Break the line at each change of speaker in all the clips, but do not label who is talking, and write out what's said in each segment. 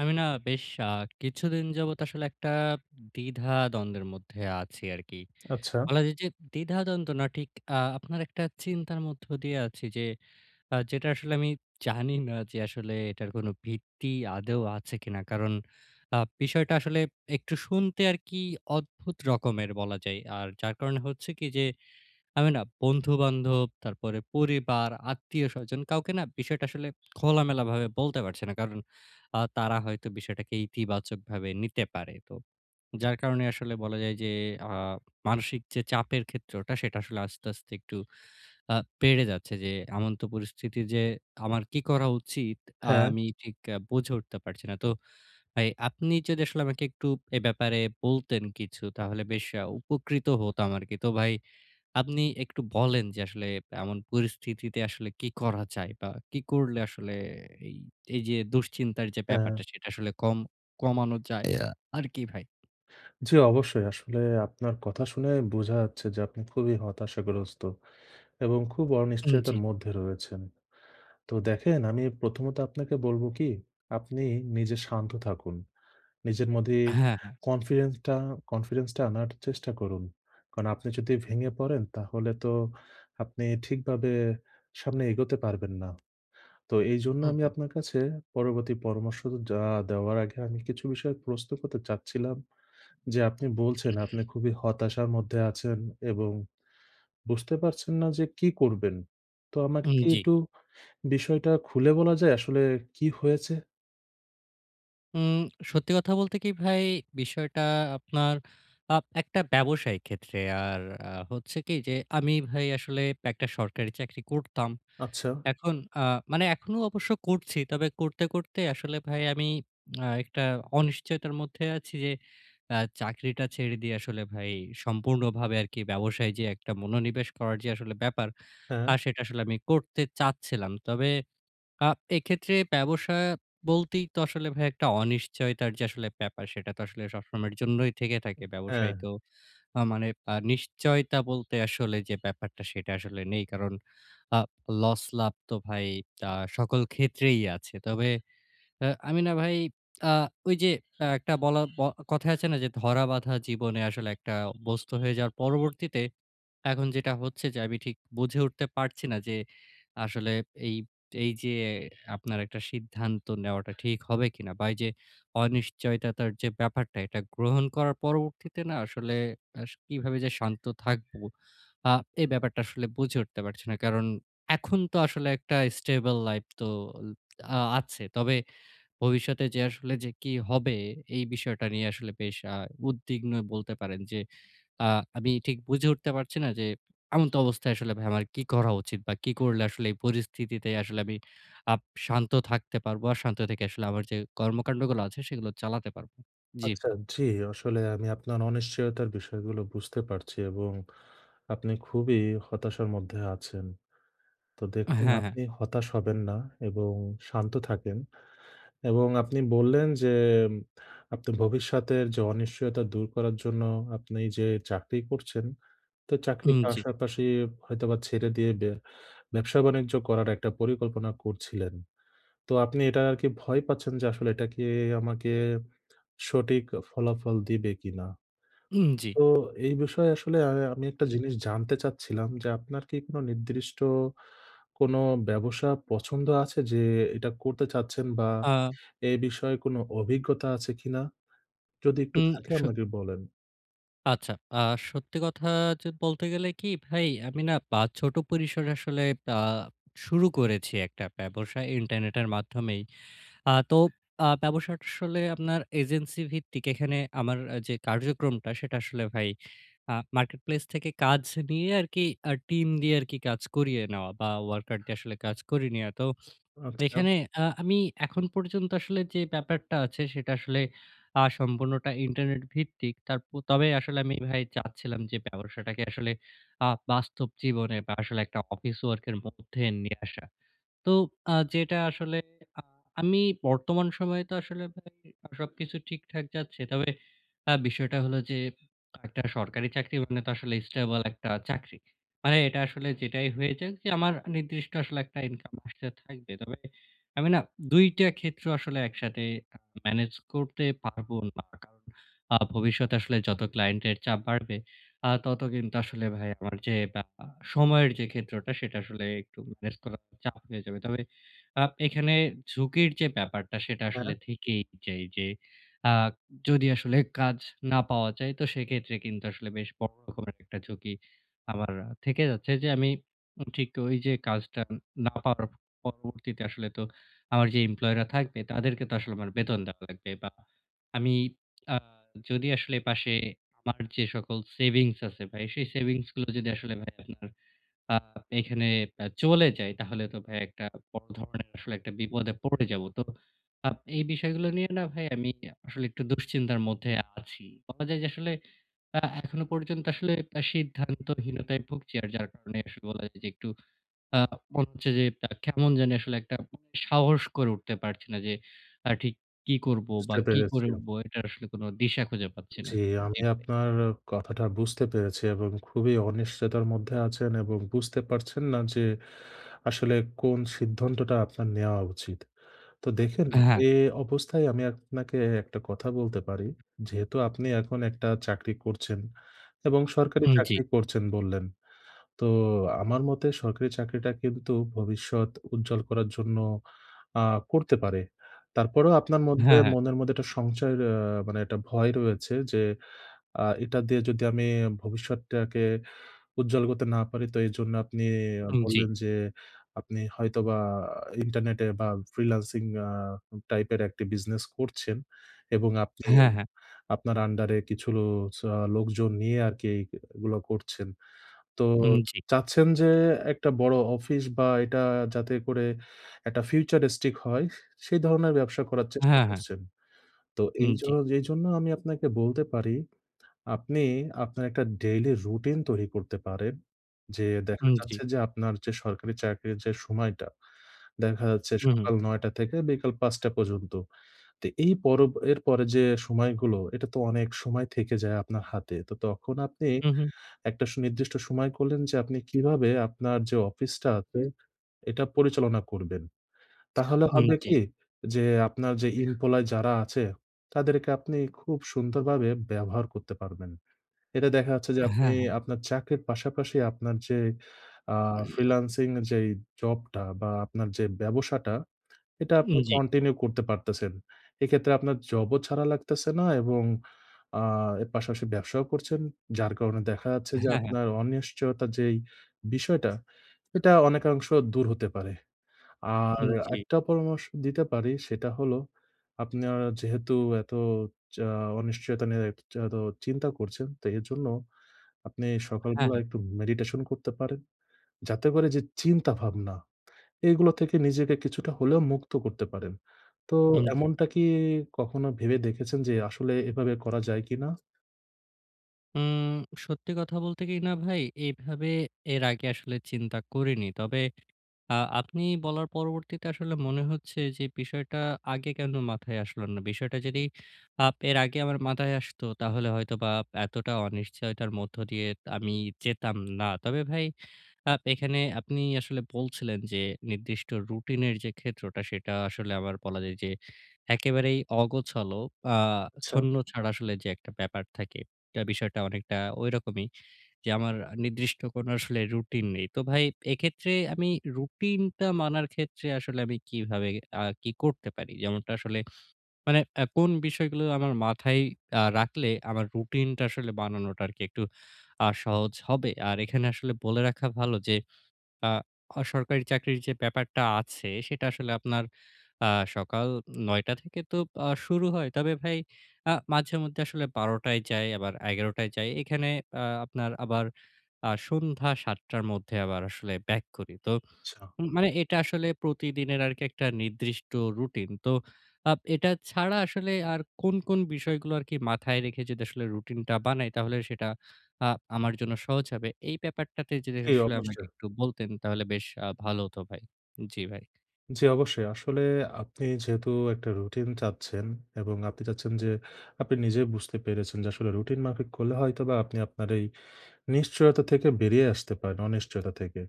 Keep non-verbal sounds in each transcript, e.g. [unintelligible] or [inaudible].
আমি না বেশ আ কিছুদিন যাবৎ আসলে একটা দ্বিধাদ্বন্দ্বের মধ্যে আছি আরকি।
আচ্ছা।
বলা যায় যে দ্বিধাদ্বন্দ্ব না ঠিক আ আপনার একটা চিন্তার মধ্য দিয়ে আছি যে আ যেটা আসলে আমি জানি না যে আসলে এটার কোনো ভিত্তি আদৌ আছে কিনা। কারণ আ বিষয়টা আসলে একটু শুনতে আর কি অদ্ভুত রকমের বলা যায়। আর যার কারণে হচ্ছে কি যে আমি না বন্ধুবান্ধব, তারপরে পরিবার, আত্মীয়স্বজন কাউকে না বিষয়টা আসলে খোলামেলাভাবে বলতে পারছি না। কারণ আ তারা হয়তো বিষয়টাকে ইতিবাচকভাবে নিতে পারে। তো যার কারণে আসলে বলা যায় যে আ মানসিক যে চাপের ক্ষেত্রটা সেটা আসলে আস্তে, আস্তে একটু আ পেড়ে যাচ্ছে যে এমন পরিস্থিতি যে আমার কি করা উচিত
হ্যাঁ।
আমি ঠিক আ বুঝে উঠতে পারছি না। তো ভাই আপনি যদি আসলে আমাকে একটু এ ব্যাপারে বলতেন কিছু তাহলে বেশ আ উপকৃত হতাম আরকি। তো ভাই, আপনি একটু বলেন যে আসলে এমন পরিস্থিতিতে আসলে কী করা যায়? বা কি করলে আসলে এই এইযে দুশ্চিন্তার যে
হ্যাঁ।
ব্যাপারটা সেটা আসলে কম কমানো যায় আর কি ভাই?
জি অবশ্যই। আসলে আপনার কথা শুনেই বুঝা যাচ্ছে যে আপনি খুবই হতাশাগ্রস্ত এবং খুব
উম
অনিশ্চয়তার
জি।
মধ্যে রয়েছেন। তো দেখেন আমি প্রথমত আপনাকে বলব কি আপনি নিজে শান্ত থাকুন। নিজের মধ্যেই
হ্যাঁ, হ্যাঁ।
confidence টা confidence টা আনার চেষ্টা করুন। কারণ আপনি যদি ভেঙে পড়েন তাহলে তো আপনি ঠিকভাবে সামনে এগোতে পারবেন না। তো এইজন্য
হু,
আমি
হু।
আপনার কাছে পরবর্তী পরামর্শ তো যা দেওয়ার আগে আমি কিছু বিষয়ে প্রশ্ন করতে চাচ্ছিলাম, যে আপনি বলছেন আপনি
[clears throat]
খুবই হতাশার মধ্যে আছেন এবং বুঝতে পারছেন না যে কি করবেন। তো আমাকে
হুম,
কি
জি।
একটু বিষয়টা খুলে বলা যায় আসলে কী হয়েছে?
উম সত্যি কথা বলতে কি ভাই, বিষয়টা আপনার আপ একটা ব্যবসায়িক ক্ষেত্রে, আর আ হচ্ছে কি? যে, আমি ভাই আসলে একটা সরকারি চাকরি করতাম।
আচ্ছা।
এখন আ মানে এখনও অবশ্য করছি। তবে করতে, করতে আসলে ভাই আমি [smacks lips] আ একটা অনিশ্চয়তার মধ্যে আছি যে আ চাকরিটা ছেড়ে দিয়ে আসলে ভাই সম্পূর্ণভাবে আরকি ব্যবসায় যে একটা মনোনিবেশ করার যে আসলে ব্যাপার,
হ্যাঁ।
আর সেটা আসলে আমি করতে চাচ্ছিলাম। তবে আ এক্ষেত্রে ব্যবসা বলতেই তো আসলে ভাই একটা অনিশ্চয়তার যে আসলে ব্যাপার সেটা তো আসলে সবসময়ের জন্যই থেকে
উব
থাকে। ব্যবসায়
হ্যাঁ।
তো আ মানে আ নিশ্চয়তা বলতে আসলে যে ব্যাপারটা, সেটা আসলে নেই। কারণ আ লস-লাভ তো ভাই তা সকল ক্ষেত্রেই আছে। তবে আ আমি না ভাই আ ঐযে আ একটা বলা ব কথা আছে না, যে ধরাবাঁধা জীবনে আসলে একটা বস্তু হয়ে যাওয়ার পরবর্তীতে এখন যেটা হচ্ছে যে, আমি ঠিক বুঝে উঠতে পারছি না যে, আসলে এই এই যে আপনার একটা সিদ্ধান্ত নেওয়াটা ঠিক হবে কিনা? বা এই যে অনিশ্চয়তার যে ব্যাপারটা, এটা গ্রহণ করার পরবর্তীতে না আসলে আস কিভাবে যে শান্ত থাকব? আ এই ব্যাপারটা আসলে বুঝে উঠতে পারছি না। কারণ এখন তো আসলে একটা stable life তো আ আছে। তবে ভবিষ্যতে যে আসলে যে কি হবে? এই বিষয়টা নিয়ে আসলে বেশ আ উদ্বিগ্নই বলতে পারেন। যে আ আমি ঠিক বুঝে উঠতে পারছি না যে, এমতাবস্থায় আসলে ভাই আমার কি করা উচিত? বা কি করলে আসলে এই পরিস্থিতিতে আসলে আমি আপ শান্ত থাকতে পারবো? আর শান্ত থেকে আসলে আমার যে কর্মকান্ডগুলো আছে সেগুলো চালাতে পারব। জ্বি
আচ্ছা,
ভাই।
জ্বি আসলে আমি আপনার অনিশ্চয়তার বিষয়গুলো বুঝতে পারছি এবং আপনি খুবই হতাশার মধ্যে আছেন। তো দেখুন
হ্যাঁ, হ্যাঁ।
আপনি হতাশ হবেন না এবং শান্ত থাকেন। এবং আপনি বললেন যে, আপনি ভবিষ্যতের যে অনিশ্চয়তা দূর করার জন্য আপনি যে চাকরি করছেন, তো চাকরির
উম জ্বি।
পাশাপাশি হয়তোবা ছেড়ে দিয়ে বে ব্যবসা বাণিজ্য করার একটা পরিকল্পনা করছিলেন। তো আপনি এটা আর কি ভয় পাচ্ছেন যে, "আসলে এটা কি আমাকে সঠিক ফলাফল দিবে কিনা?"
উম জ্বি।
তো এই বিষয়ে আসলে আ আমি একটা
[clears throat]
জিনিস জানতে চাচ্ছিলাম যে, আপনার কি কোনো নির্দিষ্ট কোন ব্যবসা পছন্দ আছে? যে এইটা করতে চাচ্ছেন বা
আ
এ বিষয়ে কোন অভিজ্ঞতা আছে কিনা? যদি একটু
উম
থাকে
স
আমাকে বলেন।
আচ্ছা। আ সত্যি কথা য বলতে গেলে কি ভাই আমি না পা ছোট পরিসরে আসলে আ শুরু করেছি একটা ব্যবসা ইন্টারনেটের মাধ্যমেই। আ তো আ ব্যবসাটা আসলে আপনার এজেন্সি ভিত্তিক। এখানে আমার আ যে কার্যক্রমটা সেটা আসলে ভাই আ marketplace থেকে কাজ নিয়ে আরকি আ টিম দিয়ে আরকি কাজ করিয়ে নেওয়া বা, ওয়ার্কার দিয়ে আসলে কাজ করে নিয়া। তো
আচ্ছা।
এখানে আ আমি এখন পর্যন্ত আসলে যে ব্যাপারটা আছে সেটা আসলে আ সম্পূর্ণটা ইন্টারনেট ভিত্তিক। তারপ তবে আসলে আমি ভাই চাচ্ছিলাম যে ব্যবসাটাকে আসলে আ বাস্তব জীবনে বা আসলে একটা office work এর মধ্যে নিয়ে আসা। তো আ যেটা আসলে আ আমি বর্তমান সময়ে তো আসলে ভাই আ সবকিছু ঠিকঠাক যাচ্ছে। তবে আ বিষয়টা হলো যে একটা সরকারি চাকরি মানে তো আসলে স্টেবল একটা চাকরি। মানে এটা আসলে যেটাই হয়ে যাক, যে আমার নির্দিষ্ট আসলে একটা ইনকাম আসতে থাকবে। তবে আমি না ২ টা ক্ষেত্র আসলে একসাথে আ ম্যানেজ করতে পারবো না। কারণ আ ভবিষ্যতে আসলে যত ক্লায়েন্টের চাপ বাড়বে, আ তত কিন্তু আসলে ভাই আমার যে আ সময়ের যে ক্ষেত্রটা, সেটা আসলে একটু ম্যানেজ করা চাপ হয়ে যাবে। তবে আ এখানে ঝুঁকির যে ব্যাপারটা সেটা
হ্যাঁ।
আসলে থেকেই যায়। যে আ যদি আসলে কাজ না পাওয়া যায়, তো সেক্ষেত্রে কিন্তু আসলে বেশ বড় রকমের একটা ঝুঁকি আমার থেকে যাচ্ছে। যে আমি উম ঠিক ওই যে কাজটা না পাওয়ার পরবর্তীতে আসলে তো আমার যে employee রা থাকবে তাদেরকে তো আসলে আমার বেতন দেওয়া লাগবে। বা আমি আ যদি আসলে পাশে আমার যে সকল সেভিংস আছে ভাই, সেই সেভিংসগুলো যদি আসলে ভাই আপনার আ এখানে আ চলে যায় তাহলে তো ভাই একটা বড় ধরনের আসলে একটা বিপদে পড়ে যাবো। তো আপ এই বিষয়গুলো নিয়ে না ভাই আমি আসলে একটু দুশ্চিন্তার মধ্যেi আছি। বলা যায় যে আসলে আ এখনো পর্যন্ত আসলে এ সিদ্ধান্তহীনতায় ভুগছি। আর যার কারণে আসলে বলা যায় যে একটু আ মনে হচ্ছে যে আ কেমন জানি আসলে একটা সাহস করে উঠতে পারছি না। যে আ ঠিক কি করবো বা
বুঝতে
কি
পেরেছি
করে
আমি।
উঠবো? এটা আসলে কোন দিশা খুঁজে পাচ্ছি না।
জি। আমি
জি, ভাই।
আপনার কথাটা বুঝতে পেরেছি এবং খুবই অনিশ্চয়তার মধ্যে আছেন এবং বুঝতে পারছেন না যে আসলে কোন সিদ্ধান্তটা আপনার নেওয়া উচিত। তো দেখেন
হ্যাঁ।
এ অবস্থায় আমি আপ-নাকে একটা কথা বলতে পারি। যেহেতু আপনি এখন একটা চাকরি করছেন এবং সরকারি
হুম, জি।
চাকরি করছেন বললেন। তো আমার মতে সরকারি চাকরিটা কিন্তু ভবিষ্যৎ উজ্জ্বল করার জন্য আ করতে পারে। তারপরেও আপনার মধ্যে
হ্যাঁ, হ্যাঁ।
মনের মধ্যে একটা সংশয় আ মানে একটা ভয় রয়েছে। যে আ এটা দিয়ে যদি আমি ভবিষ্যৎটাকে উজ্জ্বল করতে না পারি? তো এজন্য আপনি
হুম, জি।
বললেন যে আপনি হয়তোবা ইন্টারনেটে বা, ফ্রিল্যান্সিং আ টাইপের একটি বিজনেস করছেন। এবং আপনি
হ্যাঁ, হ্যাঁ।
আপনার আন্ডারে কিছু লো স লোকজন নিয়ে আরকি এইগুলা করছেন। তো
হুম, জি।
চাচ্ছেন যে একটা বড় অফিস বা এটা যাতে করে একটা futuristic হয়, সেই ধরনের ব্যবসা করার চেষ্টা
হ্যাঁ, হ্যাঁ।
করছেন। তো
হুম,
এই
জি।
জন্য যে জন্য আমি আপনাকে বলতে পারি আপনি আপনার একটা ডেইলি রুটিন তৈরি করতে পারেন। যে দেখা
হুম, জি।
যাচ্ছে যে, আপনার যে সরকারি চাকরির যে সময়টা, দেখা যাচ্ছে
হু, হু।
সকাল ৯ টা থেকে বিকাল ৫ টা পর্যন্ত। তো এই পর এর পরে যে সময়গুলো, এটা তো অনেক সময় থেকে যায় আপনার হাতে। তো তখন আপনি
হু, হু।
একটা সুনির্দিষ্ট সময় করলেন যে আপনি কীভাবে আপনার যে অফিসটা আছে, এটা পরিচালনা করবেন। তাহলে
হুম,
হবে
জি।
কি যে আপনার যে employee যারা আছে, তাদেরকে আপনি খুব সুন্দরভাবে ব্যবহার করতে পারবেন। এটা দেখা যাচ্ছে যে
অ্যা
আপনি
হ্যাঁ, হ্যাঁ।
আপনার চাকরির পাশাপাশি আপনার যে আ ফ্রিল্যান্সিং যেই জবটা বা আপনার যে ব্যবসাটা, এটা
উম
আপনি
জি।
কন্টিনিউ করতে পারতেছেন। এক্ষেত্রে আপনার জবও ছাড়া লাগতেছে না এবং আ এর পাশাপাশি ব্যবসাও করছেন। যার কারণে দেখা যাচ্ছে যে
হ্যাঁ, হ্যাঁ।
আপনার অনিশ্চয়তা যেই বিষয়টা, এটা অনেকাংশ দূর হতে পারে। আর
হুম, জি।
একটা পরামর্শ দিতে পারি। সেটা হলো আপনার যেহেতু এত যা অনিশ্চয়তা নিয়ে এ এচ এত চিন্তা করছেন তো এরজন্য আপনি
হ্যাঁ, হ্যাঁ।
সকালবেলায় একটু মেডিটেশন করতে পারেন। যাতে করে যে চিন্তাভাবনা, এগুলা থেকে নিজেকে কিছুটা হলেও মুক্ত করতে পারেন। তো
হুম, জি।
এমনটা কি কখনো ভেবে দেখেছেন যে আসলে এভাবে করা যায় কিনা?
উম সত্যি কথা বলতে কি না ভাই, এভাবে এর আগে আসলে চিন্তা করিনি। তবে, আ আপনি বলার পরবর্তীতে আসলে মনে হচ্ছে যে বিষয়টা আগে কেন মাথায় আসলো না। বিষয়টা যদি আ এর আগে আমার মাথায় আসত, তাহলে হয়তোবা এতটা অনিশ্চয়তার মধ্য দিয়ে আমি যেতাম না। তবে ভাই, আপ এখানে আপনি আসলে বলছিলেন যে, নির্দিষ্ট রুটিনের যে ক্ষেত্রটা, সেটা আসলে আবার বলা যায় যে একেবারেই অগোছালো, আ
আচ্ছা।
ছন্ন-ছাড়া আসলে যে একটা ব্যাপার থাকে। তা বিষয়টা অনেকটা ঐরকমই, যে আমার নির্দিষ্ট কোনো আসলে রুটিন নেই। তো ভাই, এক্ষেত্রে আমি রুটিনটা মানার ক্ষেত্রে আসলে আমি কিভাবে আ কি করতে পারি? যেমনটা আসলে, মানে এ কোন বিষয়গুলো আমার মাথায় আ রাখলে আমার রুটিনটা আসলে বানানোটা আরকি একটু আ সহজ হবে। আর এখানে আসলে বলে রাখা ভালো যে আ বেসরকারি চাকরির যে ব্যাপারটা আছে, সেটা আসলে আপনার আ সকাল ৯ঃ০০ টা থেকে তো আ শুরু হয়। তবে ভাই, আ মাঝেমধ্যে আসলে ১২ঃ০০ য় যাই, আবার ১১ঃ০০ য় যাই। এখানে আ আপনার আবার আ সন্ধ্যা ৭ টার মধ্যে আবার আসলে back করি। তো,
আচ্ছা।
মানে এটা আসলে প্রতিদিনের আরকি একটা নির্দিষ্ট রুটিন। তো, আব এটা ছাড়া আসলে, আর কোন, কোন বিষয়গুলো আরকি মাথায় রেখে যদি আসলে রুটিনটা বানাই, তাহলে সেটা আ আমার জন্য সহজ হবে। এই ব্যাপারটাতে যদি
জি,
[unintelligible] আমাকে
অবশ্যই।
একটু বলতেন, তাহলে বেশ আ ভালো হতো, ভাই। জি, ভাই।
জ্বি, অবশ্যই। আসলে, আপনি যেহেতু একটা রুটিন চাচ্ছেন এবং আপনি চাচ্ছেন যে, আপনি নিজেই বুঝতে পেরেছেন যে আসলে রুটিন মাফিক করলে হয়তোবা আপনি আপনার এই নিশ্চয়তা থেকে বেরিয়ে আসতে পারেন, অনিশ্চয়তা থেকে।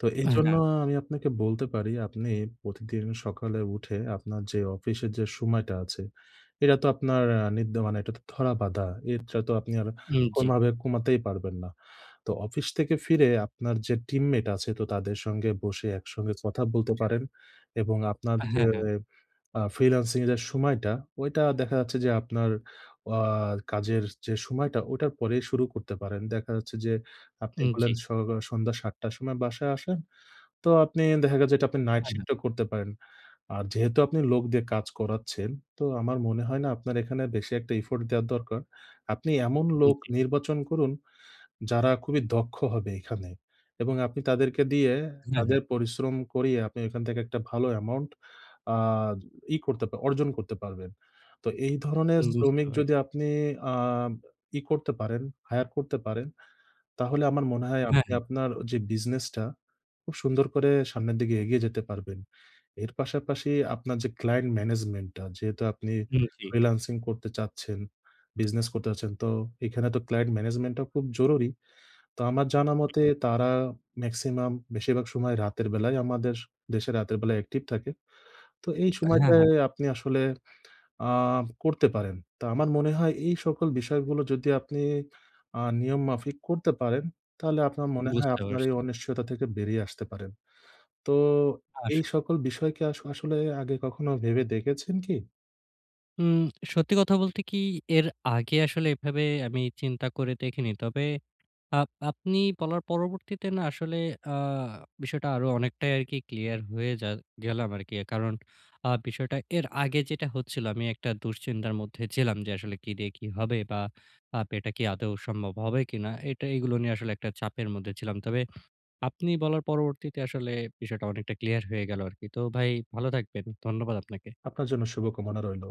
তো,
এহ
এইজন্য
না।
আ আমি আপনাকে বলতে পারি, আপনি প্রতিদিন সকালে উঠে, আপনার যে অফিসের যে সময়টা আছে, এটা তো আপনার এ নিত্য মানে, এটা তো ধরা-বাঁধা। এরটা তো আপনি আর
হুম জী।
কোনোভাবে কমাতেই পারবেন না। তো অফিস থেকে ফিরে আপনার যে team mate আছে, তো তাদের সঙ্গে বসে একসঙ্গে কথা বলতে পারেন। এবং আপনার যে
হ্যাঁ, হ্যাঁ।
এ আ freelancing এর যে সময়টা, ঐটা দেখা যাচ্ছে যে আপনার আ কাজের যে সময়টা ওটার পরেই শুরু করতে পারেন। দেখা যাচ্ছে যে
হু,
আপনি বললেন
জী।
সকল সন্ধ্যা ৭ টার সময় বাসায় আসেন। তো আপনি দেখা গেছে এটা আপনি night
হ্যাঁ, হ্যাঁ।
shift ও করতে পারেন। আর যেহেতু আপনি লোক দিয়ে কাজ করাচ্ছেন, তো আমার মনে হয় না আপনার এখানে বেশি একটা effort দেওয়া দরকার। আপনি এমন
হুম,
লোক
জী।
নির্বাচন করুন, যারা খুবই দক্ষ হবে এখানে। এবং আপনি তাদেরকে দিয়ে,
হ্যাঁ, হ্যাঁ।
তাদের পরিশ্রম করিয়ে, আপনি এখান থেকে একটা ভালো amount আ ই করতে পার অর্জন করতে পারবেন। তো, এই ধরনের
হুম বুঝতে
শ্রমিক
পার
যদি আপনি আ ই করতে পারেন, hire করতে পারেন, তাহলে আমার মনে হয়
হ্যাঁ,
আপনি
হ্যাঁ।
আপনার যে বিজনেসটা, খুব সুন্দর করে সামনের দিকে এগিয়ে যেতে পারবেন। এর পাশাপাশি আপনার যে client management টা, যেহেতু আপনি
হুম জী।
freelancing করতে চাচ্ছেন, বিজনেস করতে চাচ্ছেন, তো, এখানে তো client management টা খুব জরুরি। তো, আমার জানা মতে,
উম-হুম।
তারা maximum বেশিরভাগ সময় রাতের বেলায়, আমাদের দেশে রাতের বেলায় active থাকে। তো এই
হ্যাঁ,
সময়টায়
হ্যাঁ।
আপনি আসলে আ করতে পারেন। তো আমার মনে হয়, এই সকল বিষয়গুলো যদি আপনি আ নিয়ম মাফিক করতে পারেন, তাহলে আপনার মনে হয়
বুঝতে
আপনার এই
পারছি।
অনিশ্চয়তা থেকে বেরিয়ে আসতে পারেন। তো,
হাস।
এই সকল বিষয় কি আস আসলে আগে কখনো ভেবে দেখেছেন কি?
উম সত্যি কথা বলতে কি, এর আগে আসলে এভাবে আমি চিন্তা করে দেখিনি। তবে, আব আপনি বলার পরবর্তীতে না, আসলে আ বিষয়টা আরো অনেকটাই আরকি clear হয়ে যা গেলাম আরকি। কারণ, আ বিষয়টা এর আগে যেটা হচ্ছিলো, আমি একটা দুশ্চিন্তার মধ্যে ছিলাম, যে আসলে কি দিয়ে কি হবে? বা আব এটা কি আদৌ সম্ভব হবে কিনা। এটা এইগুলো নিয়ে আসলে একটা চাপের মধ্যে ছিলাম। তবে, আপনি বলার পরবর্তীতে আসলে বিষয়টা অনেকটা clear হয়ে গেলো আরকি। তো ভাই, ভালো থাকবেন। ধন্যবাদ আপনাকে।
আপনার জন্যে শুভকামনা রইল।